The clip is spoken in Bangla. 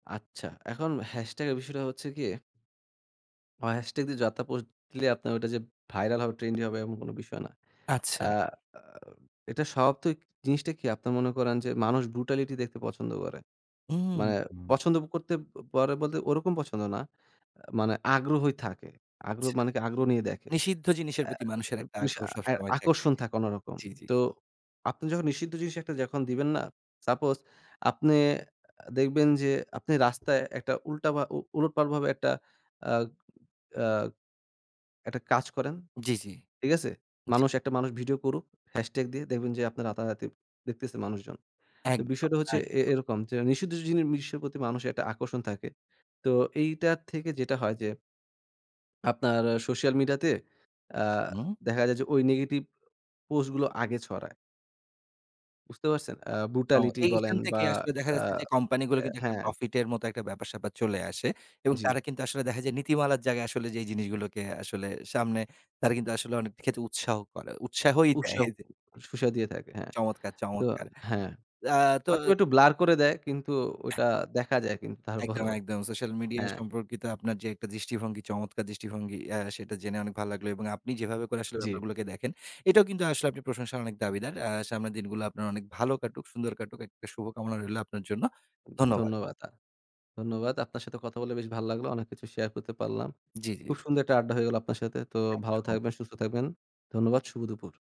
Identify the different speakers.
Speaker 1: আচ্ছা, এখন হ্যাশট্যাগের বিষয়টা হচ্ছে গিয়ে আ হ্যাশট্যাগ দিয়ে যাত পোস্ট দিলে আপনার ওইটা যে ভাইরাল হবে ট্রেন্ডি হবে এমন কোন বিষয় না।
Speaker 2: আচ্ছা।
Speaker 1: আ আ এটা স্বভাবত জিনিসটা কি? আপনারা মনে করেন যে মানুষ ব্রুটালিটি দেখতে পছন্দ করে।
Speaker 2: হুম,
Speaker 1: মানে
Speaker 2: হুম।
Speaker 1: পছন্দ করতে প পরে বলতে ওরকম পছন্দ না। আ মানে আগ্রহই থাকে। আগ্রহ
Speaker 2: আচ্ছা।
Speaker 1: মানে কি আগ্রহ নিয়ে দেখে।
Speaker 2: নিষিদ্ধ জিনিসের
Speaker 1: আ
Speaker 2: প্রতি মানুষের একটা
Speaker 1: পিসা
Speaker 2: আগ্রহ
Speaker 1: অ্যা
Speaker 2: সবসময় থাকে।
Speaker 1: আকর্ষণ থাকে অন্যরকম।
Speaker 2: জি, জি।
Speaker 1: তো আপনি যখন নিষিদ্ধ জিনিস যখন একটা দিবেন না, সাপোজ আপনি এ্যা দেখবেন যে আপনি রাস্তায় একটা উল্টা ভা উ উলটপালট ভাবে একটা আ আ একটা কাজ করেন,
Speaker 2: জি, জি,
Speaker 1: ঠিক আছে?
Speaker 2: জি।
Speaker 1: মানুষ একটা মানুষ ভিডিও করুক। হ্যাশট্যাগ দিয়ে দেখবেন যে আপনার রাতারাতি দেখতেছে মানুষজন। তো
Speaker 2: একদম,
Speaker 1: বিষয়টা হচ্ছে এ
Speaker 2: একদম।
Speaker 1: এরকম যে নিষিদ্ধ জিনি মিশ প্রতি মানুষের একটা আকর্ষণ থাকে। তো এইটা থেকে যেটা হয় যে আপনার সোশ্যাল মিডিয়া তে আ
Speaker 2: হুম।
Speaker 1: দেখা যায় যে ওই নেগেটিভ পোস্ট গুলো আগে ছড়ায়। বুঝতে পারছেন? আ
Speaker 2: ও
Speaker 1: ব্রুটালিটি বলেন
Speaker 2: এইখান থেকে
Speaker 1: বা
Speaker 2: আসলে দেখা
Speaker 1: আ
Speaker 2: যাচ্ছে যে
Speaker 1: আ
Speaker 2: কোম্পানিগুলো কিন্তু একটা
Speaker 1: হ্যাঁ।
Speaker 2: প্রফিট এর মতো একটা ব্যাপার-স্যাপার চলে আসে। এবং তারা
Speaker 1: জি।
Speaker 2: কিন্তু আসলে দেখা যায় নীতিমালার জায়গায় আসলে যেই জিনিসগুলোকে আসলে সামনে তারা কিন্তু আসলে অনেক ক্ষেত্রে উৎসাহ করে উৎসাহই দেয়
Speaker 1: উৎসাহ
Speaker 2: যে
Speaker 1: সুসা দিয়ে থাকে। হ্যাঁ।
Speaker 2: চমৎকার,
Speaker 1: তো
Speaker 2: চমৎকার!
Speaker 1: হ্যাঁ।
Speaker 2: আ তো
Speaker 1: অথবা একটু ব্লার করে দেয় কিন্তু ওটা দেখা যায় কিন্তু
Speaker 2: একদম,
Speaker 1: তারপরও
Speaker 2: একদম। সোশ্যাল মিডিয়া
Speaker 1: হ্যাঁ।
Speaker 2: সম্পর্কিত আপনার যে একটা দৃষ্টিভঙ্গি, চমৎকার দৃষ্টিভঙ্গি আ সেটা জেনে অনেক ভালো লাগলো। এবং আপনি যেভাবে করে আসলে
Speaker 1: জি।
Speaker 2: ব্যাপারগুলোকে দেখেন, এটাও কিন্তু আসলে প্রশংসার অনেক দাবিদার। আ সামনের দিনগুলা আপনার অনেক ভালো কাটুক, সুন্দর কাটুক একটা শুভ কামনা রইলো আপনার জন্য। ধন্যবাদ।
Speaker 1: ধন্যবাদ। আ ধন্যবাদ। আপনার সাথে কথা বলে বেশ ভাল লাগলো। অনেক কিছু শেয়ার করতে পারলাম।
Speaker 2: জি, জি।
Speaker 1: খুব সুন্দর একটা আড্ডা হয়ে গেল আপনার সাথে। তো ভালো
Speaker 2: একদম।
Speaker 1: থাকবেন, সুস্থ থাকবেন। ধন্যবাদ। শুভ দুপুর।